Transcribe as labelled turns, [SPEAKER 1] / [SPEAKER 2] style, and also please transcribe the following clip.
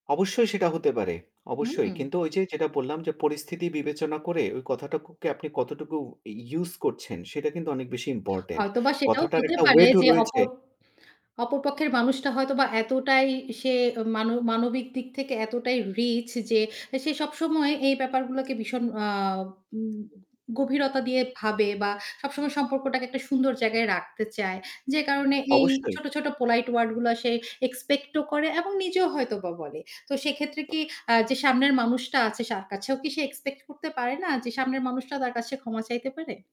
[SPEAKER 1] অবশ্যই সেটা হতে পারে। অবশ্যই।
[SPEAKER 2] হুম।
[SPEAKER 1] কিন্তু ওই যে যেটা বললাম যে পরিস্থিতি বিবেচনা করে ওই কথাটুকুকে আপনি কতটুকু ই use করছেন সেটা কিন্তু অনেক বেশি ইম্পোর্টেন্ট
[SPEAKER 2] হয়তোবা সেটাও
[SPEAKER 1] কথাটার
[SPEAKER 2] হতে
[SPEAKER 1] একটা
[SPEAKER 2] পারে
[SPEAKER 1] ওয়েট ও
[SPEAKER 2] যে
[SPEAKER 1] রয়েছে।
[SPEAKER 2] অপর অপর পক্ষের মানুষটা হয়তোবা এতটাই সে মান মানবিক দিক থেকে এতটাই রিচ যে সে সবসময় এই ব্যাপারগুলাকে ভীষণ আ উম গভীরতা দিয়ে ভাবে বা সবসময় সম্পর্কটাকে একটা সুন্দর জায়গায় রাখতে চায়। যে কারণে এই
[SPEAKER 1] অবশ্যই।
[SPEAKER 2] ছোট, ছোট polite ওয়ারড গুলা সে এক্সপেক্ট ও করে এবং নিজেও হয়তোবা বলে। তো সেক্ষেত্রে কি আ যে সামনের মানুষটা আছে তার কাছেও কি সে এক্সপেক্ট করতে পারে না যে সামনের মানুষটা তার কাছে ক্ষমা চাইতে পারে?